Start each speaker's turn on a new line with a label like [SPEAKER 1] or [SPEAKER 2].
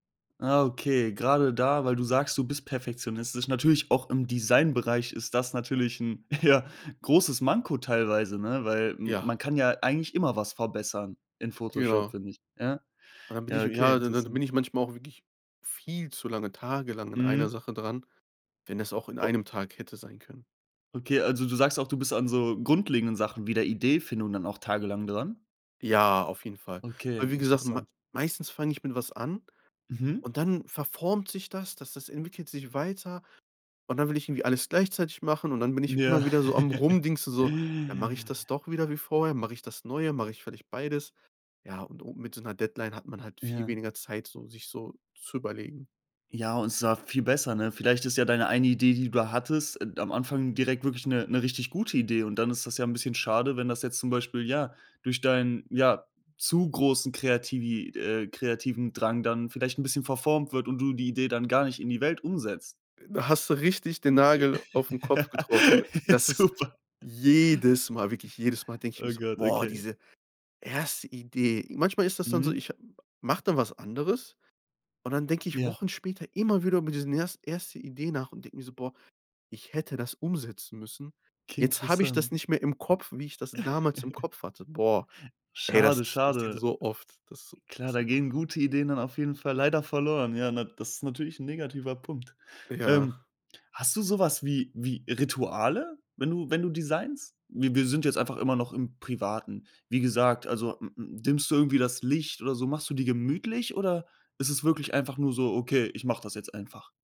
[SPEAKER 1] Ah, okay, gerade da weil du sagst, du bist perfektionistisch natürlich auch im Designbereich, ist das natürlich 'n, ja, großes Manko teilweise, ne? Weil m
[SPEAKER 2] Ja.
[SPEAKER 1] man kann ja eigentlich immer was verbessern in Photoshop,
[SPEAKER 2] Genau.
[SPEAKER 1] finde ich, ja?
[SPEAKER 2] Dann bin ich
[SPEAKER 1] Ja, okay,
[SPEAKER 2] ja, dann dann bin
[SPEAKER 1] interessant.
[SPEAKER 2] ich manchmal auch wirklich viel zu lange tagelang an einer
[SPEAKER 1] Mhm.
[SPEAKER 2] Sache dran, wenn das auch in einem Tag hätte sein können.
[SPEAKER 1] Okay. Also, du sagst auch, du bist an so grundlegenden Sachen wie der Ideefindung dann auch tagelang dran?
[SPEAKER 2] Ja, auf jeden Fall.
[SPEAKER 1] Okay,
[SPEAKER 2] Aber wie gesagt, ma
[SPEAKER 1] interessant.
[SPEAKER 2] meistens fang ich mit was an,
[SPEAKER 1] Mhm.
[SPEAKER 2] und dann verformt sich das, das das entwickelt sich weiter. Und dann will ich irgendwie alles gleichzeitig machen, und dann bin ich immer
[SPEAKER 1] Ja.
[SPEAKER 2] wieder so am Rumdingsen so: „Ja, mache ich das doch wieder wie vorher, mache ich das Neue, mache ich vielleicht beides?” Ja, und o mit so 'ner Deadline hat man halt viel
[SPEAKER 1] Ja.
[SPEAKER 2] weniger Zeit, so, sich so zu überlegen.
[SPEAKER 1] Ja, und zwar viel besser, ne? Vielleicht ist ja deine eine Idee, die du hattest, äh, am Anfang direkt wirklich 'ne 'ne richtig gute Idee. Und dann ist das ja 'n bisschen schade, wenn das jetzt zum Beispiel, ja, durch deinen, ja, zu großen kreativi äh, kreativen Drang dann vielleicht 'n bisschen verformt wird und du die Idee dann gar nicht in die Welt umsetzt.
[SPEAKER 2] Da hast du richtig den Nagel auf'n Kopf getroffen das ist
[SPEAKER 1] Super.
[SPEAKER 2] jedes Mal wirklich jedes Mal denk ich mir
[SPEAKER 1] Oh
[SPEAKER 2] so:
[SPEAKER 1] Gott,
[SPEAKER 2] „Boah,
[SPEAKER 1] okay.
[SPEAKER 2] diese erste Idee!” Manchmal ist das dann so,
[SPEAKER 1] Mhm.
[SPEAKER 2] ich ha mache dann was anderes, und dann denke ich
[SPEAKER 1] Ja.
[SPEAKER 2] Wochen später immer wieder über diesen erst erste Idee nach und denke mir so: „Boah, ich hätte das umsetzen müssen.
[SPEAKER 1] Okay,
[SPEAKER 2] Jetzt habe ich das
[SPEAKER 1] interessant.
[SPEAKER 2] nicht mehr im Kopf, wie ich das damals im Kopf hatte.“ Boah, ey, das
[SPEAKER 1] Schade,
[SPEAKER 2] ist passiert
[SPEAKER 1] schade.
[SPEAKER 2] so oft. Das ist
[SPEAKER 1] Klar, da gehen
[SPEAKER 2] einfach
[SPEAKER 1] gute Ideen dann auf jeden Fall leider verloren. Ja, na das ist natürlich 'n negativer Punkt. Ähm,
[SPEAKER 2] Ja.
[SPEAKER 1] hast du so was wie wie Rituale, wenn du wenn du designst? Wi wir sind jetzt einfach immer noch im Privaten. Wie gesagt, also m m dimmst du irgendwie das Licht oder so? Machst du dir gemütlich, oder ist es wirklich einfach nur so: „Okay, ich mache das jetzt einfach?“